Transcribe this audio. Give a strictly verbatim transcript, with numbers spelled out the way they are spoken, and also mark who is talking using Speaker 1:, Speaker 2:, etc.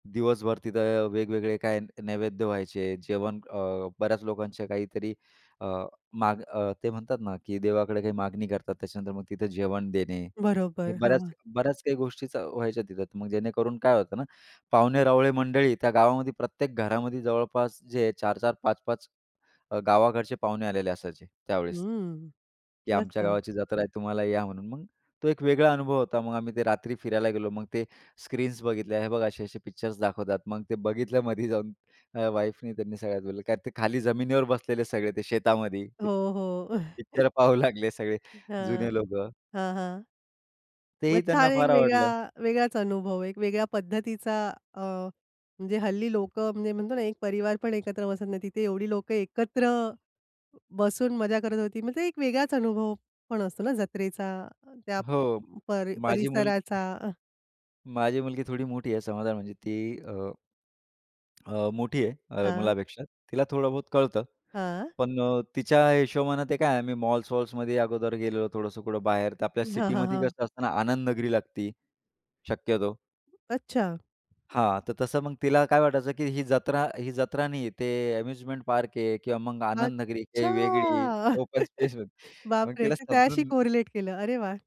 Speaker 1: दिवसभर तिथं वेगवेगळे काय न नैवेद्य व्हायचे, जेवण अ, बऱ्याच लोकांच्या काहीतरी अ, माग अ, ते म्हणतात ना की देवाकडे काही मागणी करतात. त्याच्यानंतर मग तिथं जेवण देणे. हे
Speaker 2: बरोबर.
Speaker 1: बऱ्याच
Speaker 2: हां.
Speaker 1: बऱ्याच काही गोष्टी व्हायच्या तिथं. मग जेणेकरून काय होतं ना, पाहुणे रावळे मंडळी त्या गावामध्ये प्रत्येक घरामध्ये जवळपास जे चार-चार, पाच-पाच अ, गावाकडचे पाहुणे आलेले असायचे त्यावेळेस.
Speaker 2: हंम्म.
Speaker 1: की आमच्या
Speaker 2: मस्त.
Speaker 1: गावाची जात्रा आहे तुम्हाला या म्हणून. मग तो एक वेगळा अनुभव होता. मग आम्ही ते रात्री फिरायला गेलो. मग ते स्क्रीन्स बघितल्या हे बघ असे-असे पिक्चर्स दाखवतात. मग ते बघितलमध्ये जाऊन अ, वाईफनी त्यांनी सगळ्यात बोललं कारण ते खाली जमिनीवर बसलेले सगळे ते शेतामध्ये ते.
Speaker 2: हो,
Speaker 1: पिक्च
Speaker 2: हो.
Speaker 1: पिक्चर पाहू लागले सगळे जुने
Speaker 2: हां.
Speaker 1: लोकं.
Speaker 2: हां, हां. मग
Speaker 1: तेही त्यांना
Speaker 2: छान एक
Speaker 1: फार
Speaker 2: वेगळा
Speaker 1: आवडलं.
Speaker 2: वेगळाच अनुभव, एक वेगळ्या पद्धतीचा अ, म्हणजे हल्ली लोकं म्हणजे म्हणतो ना, एक परिवार पण एकत्र बसत नाही. तिथे एवढी लोकं एकत्र बसून मजा करत होती. म्हणजे एक वेगळाच अनुभव पण असतो ना जत्रेचा, त्या
Speaker 1: हो, माझी मुलगी
Speaker 2: परी-परिसराचा अ
Speaker 1: माझी मुलगी थोडी मोठी आहे समजा म्हणजे ती अ अ, मोठी आहे. अ,
Speaker 2: हां.
Speaker 1: मुलापेक्षा. तिला थोडं बहुत कळतं,
Speaker 2: हां.
Speaker 1: पण अ, तिच्या हिशोबाने ते काय आहे आम्ही मॉल्स-वॉल्समध्ये अगोदर गेलो, थोडंसं कुठं बाहेर तर आपल्या
Speaker 2: हां, हां,
Speaker 1: सिटीमध्ये
Speaker 2: हां.
Speaker 1: कसं असतं ना, आनंदनगरी लागती, शक्यतो.
Speaker 2: अच्छा.
Speaker 1: हां, तर तसं मग तिला काय वाटायचं की ही जत्रा, ही जत्रा नाही. ते अम्युजमेंट पार्क आहे किंवा मग आनंदनगरी काही वेगळी
Speaker 2: अच्छा.
Speaker 1: ओपन स्पेस मग
Speaker 2: बापरे!
Speaker 1: तिला
Speaker 2: ते त्याच्याशी
Speaker 1: समजून.
Speaker 2: कोरिलेट केलं. अरे वाह!